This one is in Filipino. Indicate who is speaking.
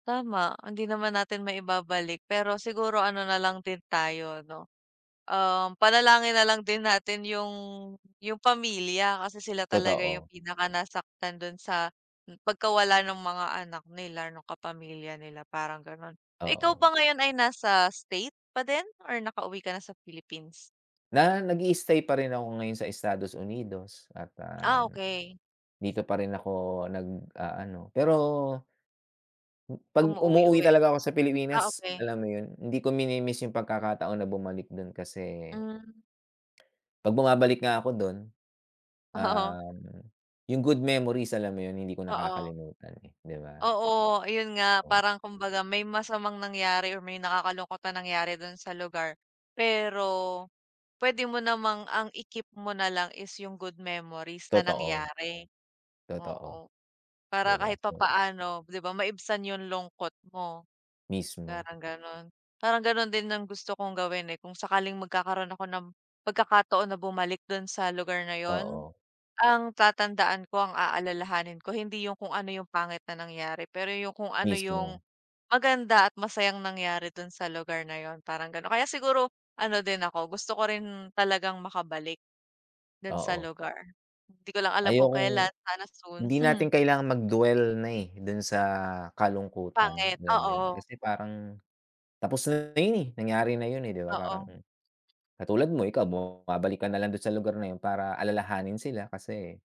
Speaker 1: Tama, hindi naman natin maibabalik, pero siguro ano nalang din tayo 'no, um, panalangin nalang din natin yung yung pamilya. Kasi sila talaga yung
Speaker 2: Totoo.
Speaker 1: pinaka nasaktan dun sa pagkawala ng mga anak nila, nung kapamilya nila parang ganon. Ikaw
Speaker 2: Oo.
Speaker 1: ba ngayon ay nasa state pa din or nakauwi ka na sa Philippines?
Speaker 2: Na nag-i-stay pa rin ako ngayon sa Estados Unidos at,
Speaker 1: Ah,
Speaker 2: uhm,
Speaker 1: okey.
Speaker 2: dito pa rin ako nag-aano. Pero 'pag umuuwi
Speaker 1: Umuuwi-uwi,
Speaker 2: talaga ako sa
Speaker 1: ah,
Speaker 2: Pilipinas,
Speaker 1: okey.
Speaker 2: alam mo yun hindi ko mini-miss yung pagkakataon na bumalik dun kasi
Speaker 1: Hmm.
Speaker 2: 'pag bumabalik nga ako dun,
Speaker 1: Oo.
Speaker 2: uhm, yung good memories alam mo yun? Hindi ko
Speaker 1: Oo.
Speaker 2: nakakalimutan, eh, 'di ba?
Speaker 1: Oo. Ayun nga.
Speaker 2: Oo.
Speaker 1: Parang kumbaga may masamang nangyari or may nakakalungkot na nangyari dun sa lugar, pero pwede mo namang ang i-keep mo nalang is yung good memories na
Speaker 2: Totoo.
Speaker 1: nangyari.
Speaker 2: Totoo.
Speaker 1: Oo,
Speaker 2: 'Di
Speaker 1: para
Speaker 2: ba
Speaker 1: kahit
Speaker 2: so
Speaker 1: papaano 'di ba maibsan yung lungkot mo,
Speaker 2: Mismo.
Speaker 1: parang ganun. Parang ganun din ang gusto kong gawin, eh, kung sakaling magkakaroon ako ng pagkakataon na bumalik dun sa lugar na yun.
Speaker 2: Oo.
Speaker 1: Ang tatandaan ko ang aalalahanin ko hindi yung kung ano yung pangit na nangyari, pero yung kung ano yung
Speaker 2: Mismo.
Speaker 1: maganda at masayang nangyari dun sa lugar na yun. Parang ganon. Kaya siguro ano din ako gusto ko rin talagang makabalik, dun sa
Speaker 2: Oo.
Speaker 1: lugar. Hindi ko lang alam kung
Speaker 2: Ayokong
Speaker 1: kelan sana soon.
Speaker 2: hindi natin kailangan mag dwell na, eh, dun sa kalungkutan,
Speaker 1: Pangit.
Speaker 2: alam mo yun.
Speaker 1: Oo.
Speaker 2: Kasi parang tapos na yun, eh, nangyari na yun, di ba? Parang,
Speaker 1: Oo.
Speaker 2: katulad mo ikaw bumabalik ka nalang dun sa lugar na yun para alalahanin sila kasi